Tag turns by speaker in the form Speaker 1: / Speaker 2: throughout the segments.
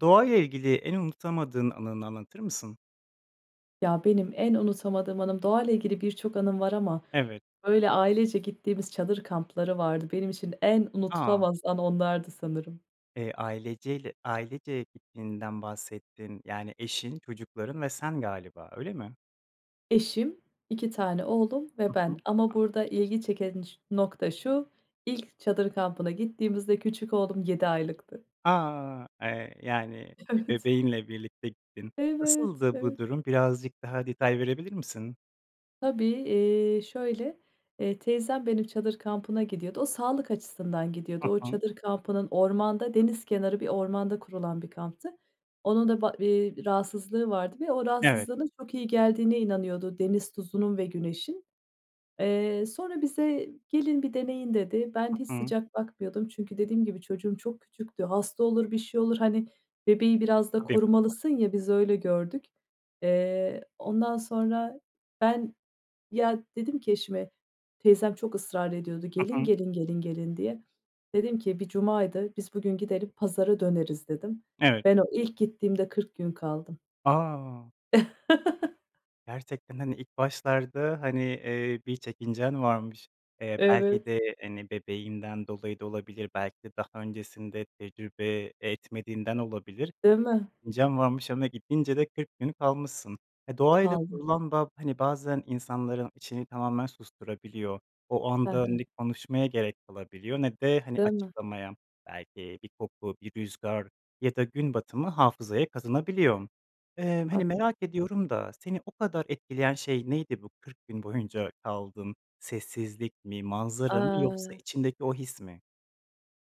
Speaker 1: Doğayla ilgili en unutamadığın anını anlatır mısın?
Speaker 2: Ya, benim en unutamadığım anım, doğayla ilgili birçok anım var ama
Speaker 1: Evet.
Speaker 2: böyle ailece gittiğimiz çadır kampları vardı. Benim için en
Speaker 1: A!
Speaker 2: unutulamaz an onlardı sanırım.
Speaker 1: Eee, aileceyle ailece gittiğinden bahsettin. Yani, eşin, çocukların ve sen galiba, öyle mi?
Speaker 2: Eşim, 2 tane oğlum
Speaker 1: Hı
Speaker 2: ve ben
Speaker 1: hı.
Speaker 2: ama
Speaker 1: A
Speaker 2: burada ilgi çeken ç nokta şu: İlk çadır kampına gittiğimizde küçük oğlum 7 aylıktı.
Speaker 1: A! Eee, yani, bi
Speaker 2: Evet.
Speaker 1: bebeğinle birlikte gittin.
Speaker 2: Evet,
Speaker 1: Nasıldı bu
Speaker 2: evet.
Speaker 1: durum? Birazcık daha detay verebilir misin?
Speaker 2: Tabii. Eee, şöyle, eee, teyzem benim çadır kampına gidiyordu, o sağlık açısından
Speaker 1: Hı
Speaker 2: gidiyordu. O
Speaker 1: hı.
Speaker 2: çadır kampının ormanda, deniz kenarı bir ormanda kurulan bir kamptı. Onun da ba eee, rahatsızlığı vardı ve o
Speaker 1: Evet.
Speaker 2: rahatsızlığına çok iyi geldiğine inanıyordu deniz tuzunun ve güneşin. Eee, sonra bize, "Gelin, bir deneyin." dedi. Ben, hiç
Speaker 1: Hı hı.
Speaker 2: sıcak bakmıyordum, çünkü dediğim gibi çocuğum çok küçüktü. Hasta olur, bir şey olur, hani, bebeği biraz da
Speaker 1: Tabii.
Speaker 2: korumalısın ya, biz öyle gördük. Eee, ondan sonra ben, ya, dedim ki eşime, teyzem çok ısrar ediyordu,
Speaker 1: Hı
Speaker 2: "Gelin,
Speaker 1: hı.
Speaker 2: gelin, gelin, gelin." diye. Dedim ki bir cumaydı, "Biz bugün gidelim, pazara döneriz" dedim.
Speaker 1: Evet.
Speaker 2: Ben, o ilk gittiğimde 40 gün kaldım.
Speaker 1: A! Gerçekten, hani, ilk başlarda, hani, eee, bir çekincen varmış, eee, belki
Speaker 2: Evet.
Speaker 1: de, hani, bebeğinden dolayı da olabilir, belki de daha öncesinde tecrübe etmediğinden olabilir,
Speaker 2: Değil mi?
Speaker 1: çekincen varmış ama gidince de 40 gün kalmışsın. Eee, doğayla
Speaker 2: Kaldım.
Speaker 1: kurulan bağ, hani, bazen insanların içini tamamen susturabiliyor. O
Speaker 2: Hı
Speaker 1: anda
Speaker 2: hı.
Speaker 1: ne konuşmaya gerek kalabiliyor ne de, hani,
Speaker 2: Değil mi?
Speaker 1: açıklamaya. Belki bir koku, bir rüzgâr ya da gün batımı hafızaya kazınabiliyor. Eee, hani,
Speaker 2: Haklısın.
Speaker 1: merak ediyorum da seni o kadar etkileyen şey neydi, bu 40 gün boyunca kaldın sessizlik mi, manzara mı, yoksa
Speaker 2: Eee
Speaker 1: içindeki o his mi?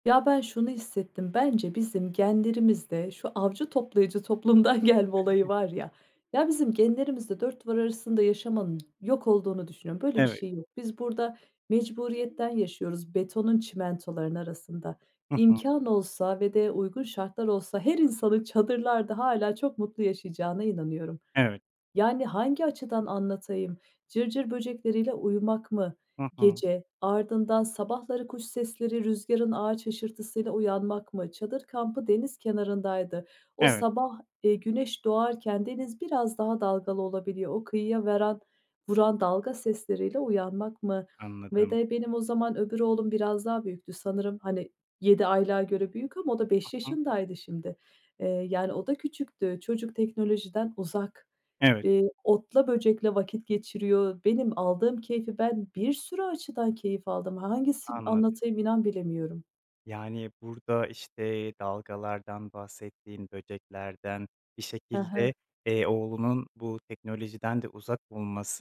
Speaker 2: Ya, ben şunu hissettim, bence bizim genlerimizde şu avcı toplayıcı toplumdan gelme olayı var ya ya bizim genlerimizde 4 duvar arasında yaşamanın yok olduğunu düşünüyorum, böyle bir
Speaker 1: Evet.
Speaker 2: şey yok. Biz burada mecburiyetten yaşıyoruz betonun, çimentolarının arasında.
Speaker 1: Hı hı.
Speaker 2: İmkân olsa ve de uygun şartlar olsa her insanın çadırlarda hâlâ çok mutlu yaşayacağına inanıyorum.
Speaker 1: Evet.
Speaker 2: Yani, hangi açıdan anlatayım; cırcır böcekleriyle uyumak mı
Speaker 1: Hı hı.
Speaker 2: gece, ardından sabahları kuş sesleri, rüzgârın ağaç hışırtısıyla uyanmak mı? Çadır kampı deniz kenarındaydı. O
Speaker 1: Evet.
Speaker 2: sabah, eee, güneş doğarken deniz biraz daha dalgalı olabiliyor. O kıyıya veran vuran dalga sesleriyle uyanmak mı? Ve
Speaker 1: Anladım.
Speaker 2: de benim o zaman öbür oğlum biraz daha büyüktü sanırım, hani, 7 aylığa göre büyük ama o da
Speaker 1: Hı
Speaker 2: 5
Speaker 1: hı.
Speaker 2: yaşındaydı şimdi. Eee, yani, o da küçüktü. Çocuk teknolojiden uzak.
Speaker 1: Evet.
Speaker 2: Eee, otla böcekle vakit geçiriyor. Benim aldığım keyfi ben bir sürü açıdan keyif aldım. Hangisin
Speaker 1: Anladım.
Speaker 2: anlatayım inan bilemiyorum.
Speaker 1: Yani, burda işte dalgalardan bahsettin, böceklerden, bir
Speaker 2: Hı
Speaker 1: şekilde,
Speaker 2: hı.
Speaker 1: eee, oğlunun bu teknolojiden de uzak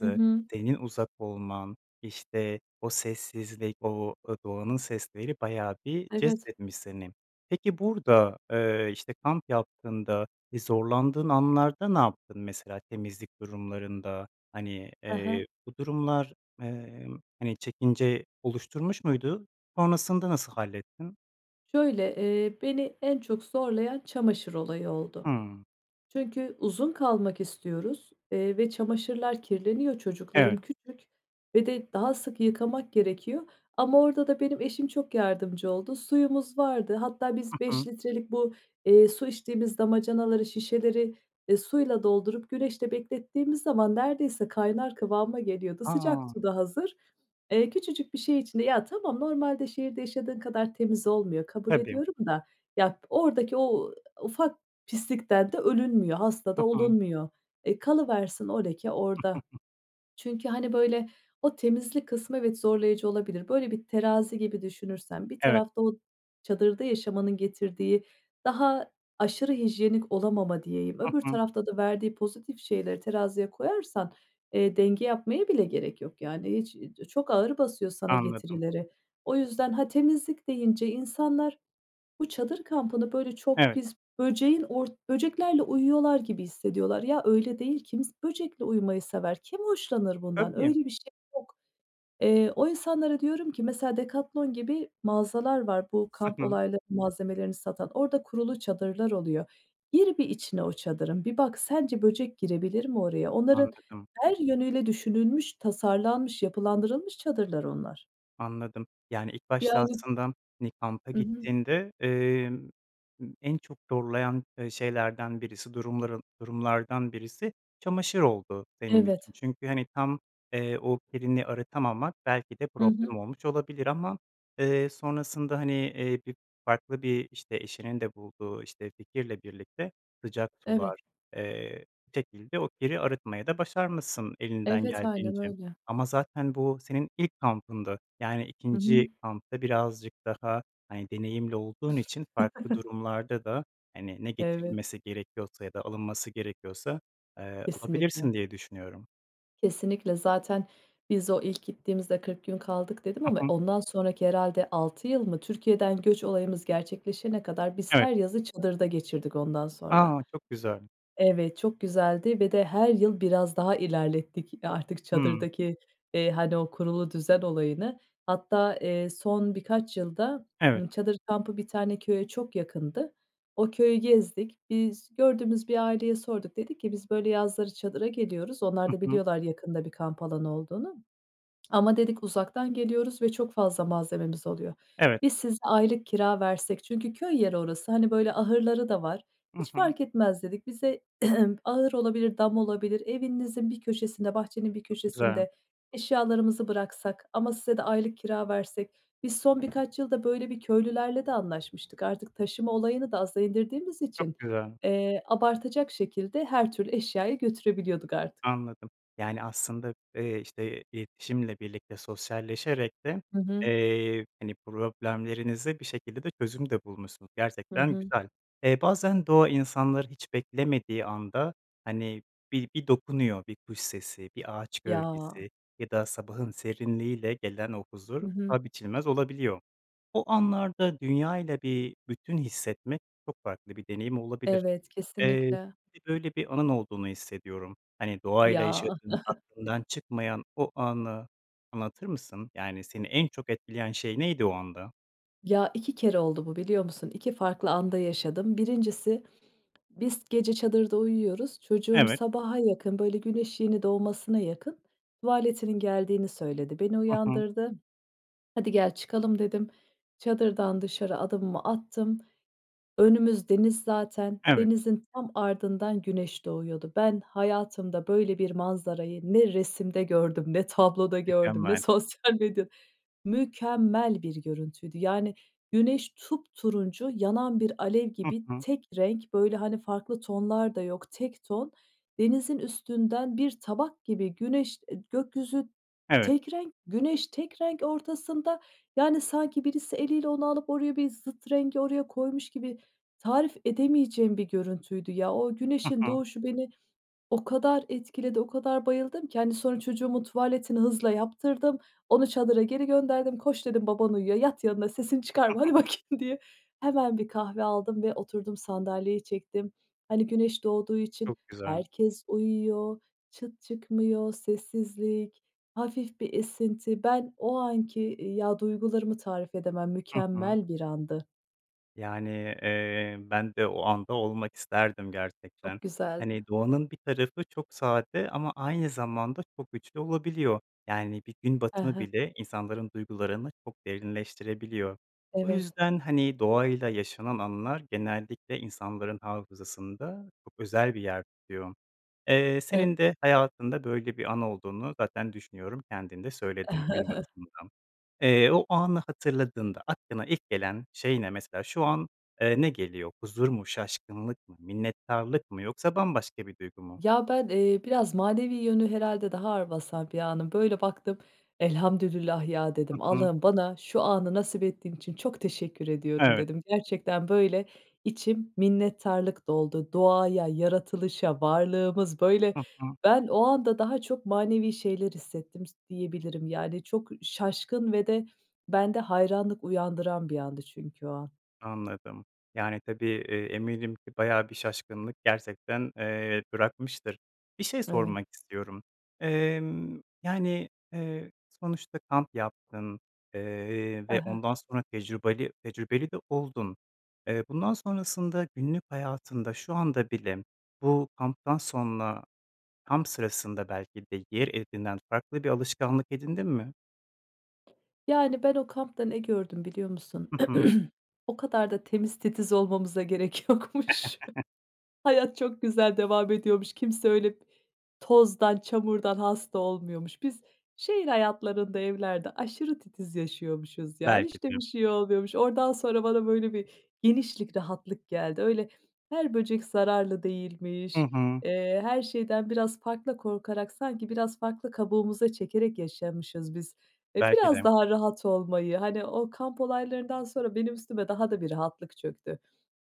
Speaker 2: Hı hı.
Speaker 1: senin uzak olman, işte o sessizlik, o, aaa, doğanın sesleri bayağı bir
Speaker 2: Evet.
Speaker 1: cezbetmiş seni. Peki burda, eee, işte kamp yaptığında, ııı, zorlandığın anlarda ne yaptın? Mesela temizlik durumlarında, hani,
Speaker 2: He
Speaker 1: eee,
Speaker 2: he.
Speaker 1: bu durumlar, emm, hani çekince oluşturmuş muydu? Sonrasında nasıl hallettin?
Speaker 2: Şöyle, eee, beni en çok zorlayan çamaşır olayı oldu.
Speaker 1: Hıı.
Speaker 2: Çünkü uzun kalmak istiyoruz, eee, ve çamaşırlar kirleniyor. Çocuklarım
Speaker 1: Evet.
Speaker 2: küçük ve de daha sık yıkamak gerekiyor. Ama orda da benim eşim çok yardımcı oldu. Suyumuz vardı, hatta
Speaker 1: Hı
Speaker 2: biz
Speaker 1: hı.
Speaker 2: 5 litrelik bu, eee, su içtiğimiz damacanaları, şişeleri, eee, suyla doldurup güneşte beklettiğimiz zaman neredeyse kaynar kıvama geliyordu. Sıcak
Speaker 1: A!
Speaker 2: su da hazır. Eee, küçücük bir şey içinde ya tamam normalde şehirde yaşadığın kadar temiz olmuyor, kabul
Speaker 1: Tabii.
Speaker 2: ediyorum da ya p oradaki o ufak pislikten de ölünmüyor, hasta
Speaker 1: Hı
Speaker 2: da
Speaker 1: hı.
Speaker 2: olunmuyor. E, kalıversin o leke orda. Çünkü hani böyle o temizlik kısmı evet zorlayıcı olabilir. Böyle bir terazi gibi düşünürsen bir
Speaker 1: Evet.
Speaker 2: tarafta o çadırda yaşamanın getirdiği daha aşırı hijyenik olamama diyeyim
Speaker 1: Hı
Speaker 2: öbür
Speaker 1: hı.
Speaker 2: tarafta da verdiği pozitif şeyleri teraziye koyarsan, eee, denge yapmaya bile gerek yok yani hiç. İii, di çok ağır basıyor sana
Speaker 1: Anladım.
Speaker 2: getirileri. O yüzden ha temizlik deyince insanlar bu çadır kampını böyle çok
Speaker 1: Evet.
Speaker 2: pis böceğin or böceklerle uyuyorlar gibi hissediyorlar. Ya öyle değil. Kims böcekle uyumayı sever, kim hoşlanır bundan?
Speaker 1: Tabii.
Speaker 2: Öyle bir şey yok. Eee, o insanlara diyorum ki mesela Decathlon gibi mağazalar var, bu kamp
Speaker 1: Hı hı.
Speaker 2: olayları malzemelerini satan. Orda kurulu çadırlar oluyor. Gir bir içine o çadırın, bir bak, sence böcek girebilir mi oraya? Onların
Speaker 1: Anladım.
Speaker 2: her yönüyle düşünülmüş, tasarlanmış, yapılandırılmış çadırlar onlar.
Speaker 1: Anladım, yani ilk başta
Speaker 2: Yani
Speaker 1: aslında bir kampa
Speaker 2: Hı hı.
Speaker 1: gittiğinde, emm, ımm en çok zorlayan, eee, şeylerden birisi, durumların durumlardan birisi çamaşır oldu senin
Speaker 2: Evet.
Speaker 1: için. Çünkü hani tam, eee, o kirini arıtamamak belki de
Speaker 2: Hı hı.
Speaker 1: problem olmuş olabilir ama, eee, sonrasında hani, eee, bir farklı bir işte eşinin de bulduğu işte fikirle birlikte sıcak
Speaker 2: Evet.
Speaker 1: sular, eee, şekilde o kiri arıtmayı da başarmışsın elinden
Speaker 2: Evet, aynen
Speaker 1: geldiğince.
Speaker 2: öyle.
Speaker 1: Ama zaten bu senin ilk kampındı. Yani
Speaker 2: Hı hı.
Speaker 1: ikinci kampta birazcık daha hani deneyimli olduğun için farklı durumlarda da hani ne
Speaker 2: Evet.
Speaker 1: getirilmesi gerekiyorsa ya da alınması gerekiyorsa, eee, alabilirsin
Speaker 2: Kesinlikle.
Speaker 1: diye düşünüyorum.
Speaker 2: Kesinlikle. Zaten biz o ilk gittiğimizde 40 gün kaldık dedim
Speaker 1: Hı
Speaker 2: ama
Speaker 1: hı.
Speaker 2: ondan sonraki herhâlde 6 yıl mı? Türkiye'den göç olayımız gerçekleşene kadar biz
Speaker 1: Evet.
Speaker 2: her yazı çadırda geçirdik ondan sonra.
Speaker 1: A! Çok güzel.
Speaker 2: Evet, çok güzeldi ve de her yıl biraz daha ilerlettik artık
Speaker 1: Hıı.
Speaker 2: çadırdaki, eee, hani o kurulu düzen olayını. Hatta, eee, son birkaç yılda,
Speaker 1: Evet.
Speaker 2: ııı, çadır kampı bir tane köye çok yakındı. O köyü gezdik biz, gördüğümüz bir aileye sorduk. Dedik ki biz böyle yazları çadıra geliyoruz, onlar
Speaker 1: Hı
Speaker 2: da
Speaker 1: hı.
Speaker 2: biliyorlar yakında bir kamp alanı olduğunu. Ama dedik uzaktan geliyoruz ve çok fazla malzememiz oluyor.
Speaker 1: Evet.
Speaker 2: Biz size aylık kira versek? Çünkü köy yeri orası, hani böyle ahırları da var,
Speaker 1: Hı
Speaker 2: hiç
Speaker 1: hı.
Speaker 2: fark etmez dedik. Bize ahır olabilir, dam olabilir, evinizin bir köşesinde, bahçenin bir
Speaker 1: Çok güzel.
Speaker 2: köşesinde, eşyalarımızı bıraksak ama size de aylık kira versek, biz son birkaç yılda böyle bir köylülerle de anlaşmıştık. Artık taşıma olayını da aza indirdiğimiz için,
Speaker 1: Çok güzel.
Speaker 2: eee, abartacak şekilde her türlü eşyayı götürebiliyorduk artık.
Speaker 1: Anladım. Yani aslında, eee, işte iletişimle birlikte sosyalleşerek de,
Speaker 2: Hı hı.
Speaker 1: eee, hani problemlerinize bir şekilde de çözüm de bulmuşsunuz,
Speaker 2: Hı
Speaker 1: gerçekten
Speaker 2: hı.
Speaker 1: güzel. Eee, bazen doğa insanları hiç beklemediği anda hani bir bir dokunuyor. Bir kuş sesi, bir ağaç
Speaker 2: Ya.
Speaker 1: gölgesi ya da sabahın serinliğiyle gelen o huzur,
Speaker 2: Hı hı.
Speaker 1: paha biçilmez olabiliyor. O anlarda dünyayla bir bütün hissetmek çok farklı bir deneyim olabilir.
Speaker 2: Evet,
Speaker 1: Eee,
Speaker 2: kesinlikle.
Speaker 1: bir böyle bir anın olduğunu hissediyorum. Hani
Speaker 2: Ya.
Speaker 1: doğayla yaşadığın aklından çıkmayan o anı anlatır mısın? Yani, seni en çok etkileyen şey neydi o anda?
Speaker 2: Ya, 2 kere oldu bu, biliyor musun? 2 farklı anda yaşadım. 1.si biz, gece çadırda uyuyoruz. Çocuğum
Speaker 1: Evet.
Speaker 2: sabaha yakın, böyle güneş yeni doğmasına yakın tuvaletinin geldiğini söyledi. Beni
Speaker 1: Hı hı.
Speaker 2: uyandırdı. "Hadi gel, çıkalım" dedim. Çadırdan dışarı adımımı attım. Önümüz deniz zaten,
Speaker 1: Evet.
Speaker 2: denizin tam ardından güneş doğuyordu. Ben, hayatımda böyle bir manzarayı ne resimde gördüm ne tabloda gördüm ne
Speaker 1: Mükemmel.
Speaker 2: sosyal medya Mükemmel bir görüntüydü. Yani güneş, tupturuncu, yanan bir alev
Speaker 1: Hı
Speaker 2: gibi,
Speaker 1: hı.
Speaker 2: tek renk, böyle, hani, farklı tonlar da yok; tek ton. Denizin üstünden bir tabak gibi güneş, eee, gökyüzü,
Speaker 1: Evet.
Speaker 2: tek renk; güneş tek renk ortasında, yani, sanki birisi eliyle onu alıp oraya bir zıt rengi, oraya koymuş gibi. Tarif edemeyeceğim bir görüntüydü ya. O
Speaker 1: Hı
Speaker 2: güneşin
Speaker 1: hı.
Speaker 2: doğuşu beni o kadar etkiledi, o kadar bayıldım ki, hani, sonra çocuğumun tuvaletini hızla yaptırdım, onu çadıra geri gönderdim, "Koş" dedim, "Baban uyuyor, yat yanına, sesini çıkarma, hadi bakayım" diye. Hemen bir kahve aldım ve oturdum, sandalyeyi çektim. Hani, güneş doğduğu için
Speaker 1: Çok güzel.
Speaker 2: herkes uyuyor, çıt çıkmıyor, sessizlik, hafif bir esinti. Ben, o anki, iii, ya duygularımı tarif edemem,
Speaker 1: Hı hı.
Speaker 2: mükemmel bir andı.
Speaker 1: Yani, eee, ben de o anda olmak isterdim gerçekten.
Speaker 2: Çok güzeldi.
Speaker 1: Hani, doğanın bir tarafı çok sade ama aynı zamanda çok güçlü olabiliyor. Yani, bir gün
Speaker 2: Hı
Speaker 1: batımı
Speaker 2: hı.
Speaker 1: bile insanların duygularını çok derinleştirebiliyor. O
Speaker 2: Evet.
Speaker 1: yüzden, hani, doğayla yaşanan anılar genellikle insanların hafızasında çok özel bir yer tutuyor. Eee,
Speaker 2: E
Speaker 1: senin de hayatında böyle bir an olduğunu zaten düşünüyorum, kendin de söyledin gün batımından. Eee, o anı hatırladığında aklına ilk gelen şey ne? Mesela şu an, eee, ne geliyor? Huzur mu, şaşkınlık mı, minnettarlık mı, yoksa bambaşka bir duygu mu?
Speaker 2: Ya, ben, eee, biraz manevi yönü herhâlde daha ağır basar bir anım Böyle baktım, "Elhamdülillah ya"
Speaker 1: Hı
Speaker 2: dedim.
Speaker 1: hı.
Speaker 2: "Allah'ım bana şu anı nasip ettiğin için çok teşekkür ediyorum"
Speaker 1: Evet.
Speaker 2: dedim. Gerçekten, böyle, içim minnettarlık doldu. Doğaya, yaratılışa, varlığımız böyle
Speaker 1: Hı hı.
Speaker 2: Ben o anda daha çok manevi şeyler hissettim s diyebilirim, yani, çok şaşkın ve de bende hayranlık uyandıran bir andı çünkü o an.
Speaker 1: Anladım, yani, tabii, eee, eminim ki bayağı bir şaşkınlık gerçekten, eee, bırakmıştır. Bir şey
Speaker 2: Evet.
Speaker 1: sormak istiyorum. Emm, yani, eee, sonuçta kamp yaptın, eee,
Speaker 2: Hı
Speaker 1: ve
Speaker 2: hı.
Speaker 1: ondan sonra tecrübali tecrübeli de oldun. Eee, bundan sonrasında günlük hayatında şu anda bile bu kamptan sonra kamp sırasında belki de yer edinen farklı bir alışkanlık edindin mi?
Speaker 2: Yani ben o kampta ne gördüm biliyor musun?
Speaker 1: Hı hı.
Speaker 2: O kadar da temiz titiz olmamıza gerek yokmuş. Hayat çok güzel devam ediyormuş, kimse öyle tozdan, çamurdan hasta olmuyormuş. Biz şehir hayatlarında, evlerde aşırı titiz yaşıyormuşuz ya,
Speaker 1: Belki
Speaker 2: hiç de
Speaker 1: de.
Speaker 2: bir şey oluyormuş, oradan sonra bana böyle bir genişlik rahatlık geldi. Öyle her böcek zararlı
Speaker 1: Hı
Speaker 2: değilmiş,
Speaker 1: hı.
Speaker 2: eee, her şeyden biraz farklı korkarak sanki biraz farklı kabuğumuza çekerek yaşamışız biz. Eee,
Speaker 1: Belki
Speaker 2: biraz
Speaker 1: de.
Speaker 2: daha rahat olmayı, hani o kamp olaylarından sonra benim üstüme daha da bir rahatlık çöktü.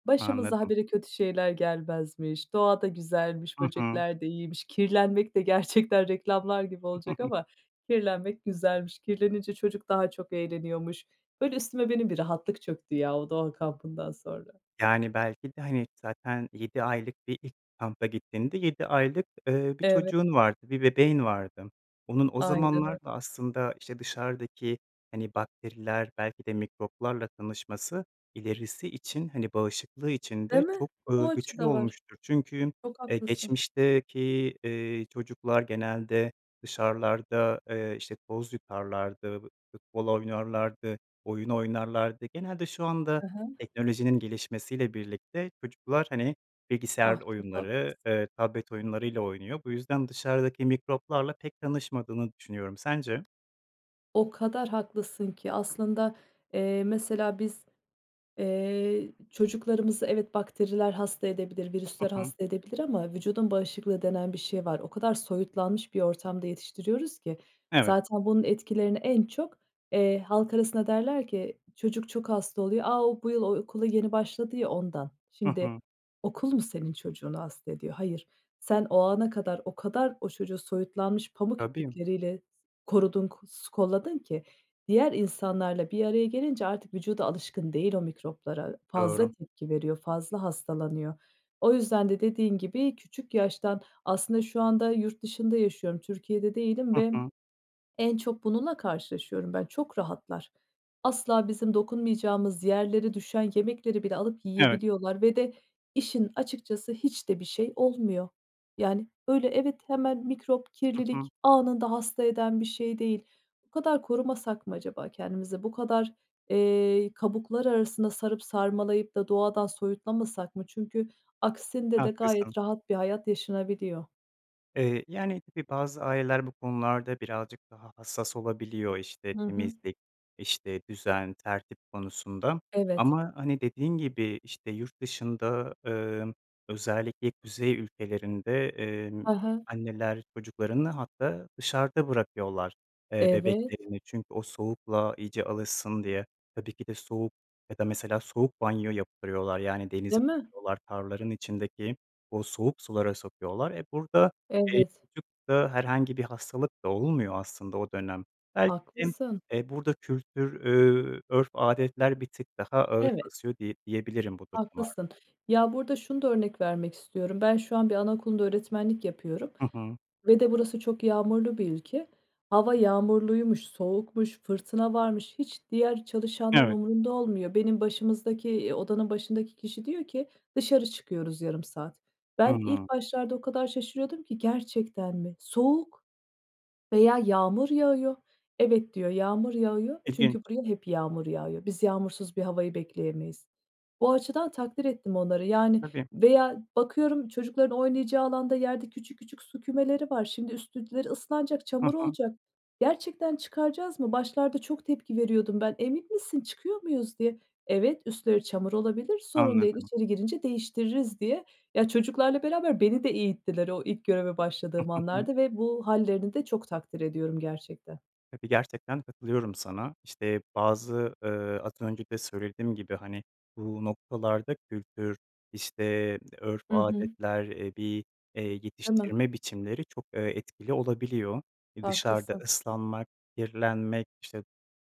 Speaker 2: Başımıza ha
Speaker 1: Anladım.
Speaker 2: bire kötü şeyler gelmezmiş. Doğa da güzelmiş,
Speaker 1: Hı hı.
Speaker 2: böcekler de iyiymiş. Kirlenmek de gerçekten, reklamlar gibi olacak ama, kirlenmek güzelmiş. Kirlenince çocuk daha çok eğleniyormuş. Böyle üstüme benim bir rahatlık çöktü ya o doğa kampından sonra.
Speaker 1: Yani belki de hani zaten 7 aylık bir ilk kampa gittiğinde 7 aylık, eee, bir
Speaker 2: Evet.
Speaker 1: çocuğun vardı, bir bebeğin vardı. Onun o
Speaker 2: Aynen öy
Speaker 1: zamanlar da aslında, işte, dışarıdaki hani bakteriler, belki de mikroplarla tanışması ilerisi için, hani bağışıklığı için
Speaker 2: Değil
Speaker 1: de
Speaker 2: mi?
Speaker 1: çok,
Speaker 2: O
Speaker 1: ııı,
Speaker 2: açı
Speaker 1: güçlü
Speaker 2: da var.
Speaker 1: olmuştur. Çünkü,
Speaker 2: Çok
Speaker 1: eee,
Speaker 2: haklısın.
Speaker 1: geçmişteki, eee, çocuklar genelde dışarılarda, eee, işte, toz yutarlardı, f futbol oynarlardı, oyun oynarlardı. Genelde şu anda
Speaker 2: Hı hı.
Speaker 1: teknolojinin gelişmesiyle birlikte çocuklar, hani,
Speaker 2: Ah,
Speaker 1: bilgisayar
Speaker 2: çok
Speaker 1: oyunları,
Speaker 2: haklısın.
Speaker 1: eee, tablet oyunlarıyla oynuyor. Bu yüzden dışarıdaki mikroplarla pek tanışmadığını düşünüyorum, sence?
Speaker 2: O kadar haklısın ki. Aslında, eee, mesela biz, eee, çocuklarımızı, evet, bakteriler hasta edebilir,
Speaker 1: Hı
Speaker 2: virüsler
Speaker 1: hı.
Speaker 2: hasta edebilir ama vücudun bağışıklığı denen bir şey var. O kadar soyutlanmış bir ortamda yetiştiriyoruz ki.
Speaker 1: Evet.
Speaker 2: Zaten bunun etkilerini en çok, eee, halk arasında derler ki çocuk çok hasta oluyor. A, o bu yıl o okula yeni başladı ya, ondan.
Speaker 1: Hı
Speaker 2: Şimdi
Speaker 1: hı.
Speaker 2: okul mu senin çocuğunu hasta ediyor? Hayır. Sen o ana kadar o kadar o çocuğu soyutlanmış, pamuk
Speaker 1: Tabii.
Speaker 2: iplikleriyle korudun, k s kolladın ki diğer insanlarla bir araya gelince artık vücudu alışkın değil o mikroplara. Fazla
Speaker 1: Doğru.
Speaker 2: tepki veriyor, fazla hastalanıyor. O yüzden de dediğin gibi, küçük yaştan aslında şu anda yurt dışında yaşıyorum, Türkiye'de değilim
Speaker 1: Hı
Speaker 2: ve
Speaker 1: hı.
Speaker 2: en çok bununla karşılaşıyorum ben çok rahatlar. Asla bizim dokunmayacağımız yerlere düşen yemekleri bile alıp
Speaker 1: Evet.
Speaker 2: yiyebiliyorlar ve de işin açıkçası hiç de bir şey olmuyor. Yani öyle evet, hemen mikrop,
Speaker 1: Hı hı.
Speaker 2: kirlilik, anında hasta eden bir şey değil. Bu kadar korumasak mı acaba kendimizi? Bu kadar, eee, kabuklar arasına sarıp sarmalayıp da doğadan soyutlamasak mı? Çünkü aksinde de
Speaker 1: Haklısın.
Speaker 2: gayet rahat bir hayat yaşanabiliyor.
Speaker 1: Eee, yani, tabii, bazı aileler bu konularda birazcık daha hassas olabiliyor, işte,
Speaker 2: Hı hı.
Speaker 1: temizlik, işte, düzen, tertip konusunda
Speaker 2: Evet.
Speaker 1: ama, hani, dediğin gibi, işte, yurt dışında, emm, özellikle kuzey ülkelerinde, emm,
Speaker 2: Hı hı.
Speaker 1: anneler çocuklarını hatta dışarıda bırakıyorlar. Eee,
Speaker 2: Evet.
Speaker 1: bebeklerini çünkü o soğukla iyice alışsın diye. Tabii ki de soğuk ya da mesela soğuk banyo yaptırıyorlar, yani, denize
Speaker 2: Değil mi?
Speaker 1: [unintelligible] tarlaların içindeki o soğuk sulara sokuyorlar. E, burada, eee,
Speaker 2: Evet.
Speaker 1: çocuk da herhangi bir hastalık da olmuyor aslında o dönem. [unintelligible]
Speaker 2: Haklısın.
Speaker 1: Eee, burada kültür, ööö, örf, adetler bir tık daha ağır
Speaker 2: Evet.
Speaker 1: basıyor diye diyebilirim bu
Speaker 2: Haklısın.
Speaker 1: durumlarda.
Speaker 2: Ya, burada şunu da örnek vermek istiyorum. Ben şu an bir anaokulunda öğretmenlik yapıyorum
Speaker 1: Hı hı.
Speaker 2: ve de burası çok yağmurlu bir ülke. Hava yağmurluymuş, soğukmuş, fırtına varmış, hiç diğer çalışanların
Speaker 1: Evet.
Speaker 2: umurunda olmuyor. Benim başımızdaki, eee, odanın başındaki kişi diyor ki, dışarı çıkıyoruz yarım saat. Ben ilk
Speaker 1: Hıı.
Speaker 2: başlarda o kadar şaşırıyordum ki gerçekten mi? Soğuk veya yağmur yağıyor, evet, diyor, yağmur yağıyor,
Speaker 1: İlginç.
Speaker 2: çünkü buraya hep yağmur yağıyor, biz yağmursuz bir havayı bekleyemeyiz. Bu açıdan takdir ettim onları, yani,
Speaker 1: Tabii.
Speaker 2: veya bakıyorum çocukların oynayacağı alanda yerde küçük küçük su kümeleri var. Şimdi üstleri ıslanacak,
Speaker 1: Hı
Speaker 2: çamur
Speaker 1: hı.
Speaker 2: olacak. Gerçekten çıkaracak mıyız? Başlarda çok tepki veriyordum ben. Emin misin, çıkıyor muyuz diye. Evet, üstleri çamur olabilir, sorun değil,
Speaker 1: Anladım.
Speaker 2: içeri girince değiştiririz diye. Ya, çocuklarla beraber beni de eğittiler o ilk göreve başladığım anlarda ve bu hâllerini de çok takdir ediyorum gerçekten.
Speaker 1: Tabii, gerçekten katılıyorum sana. İşte, bazı, ııı, az önce de söylediğim gibi, hani, bu noktalarda kültür, işte örf,
Speaker 2: Hı hı.
Speaker 1: adetler, eee, bir, eee,
Speaker 2: Değil mi?
Speaker 1: yetiştirme biçimleri çok, eee, etkili olabiliyor. E, dışarıda
Speaker 2: Haklısın.
Speaker 1: ıslanmak, kirlenmek, işte,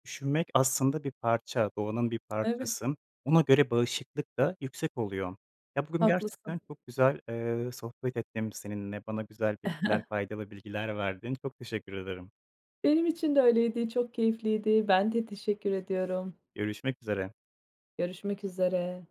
Speaker 1: üşümek, aslında, bir parça, doğanın bir
Speaker 2: Evet.
Speaker 1: parçası. Ona göre bağışıklık da yüksek oluyor. Ya, bugün
Speaker 2: Haklısın.
Speaker 1: gerçekten çok güzel, eee, sohbet ettim seninle, bana güzel bilgiler, faydalı bilgiler verdin. Çok teşekkür ederim.
Speaker 2: Benim için de öyleydi çok keyifliydi. Ben de teşekkür ediyorum.
Speaker 1: Görüşmek üzere.
Speaker 2: Görüşmek üzere.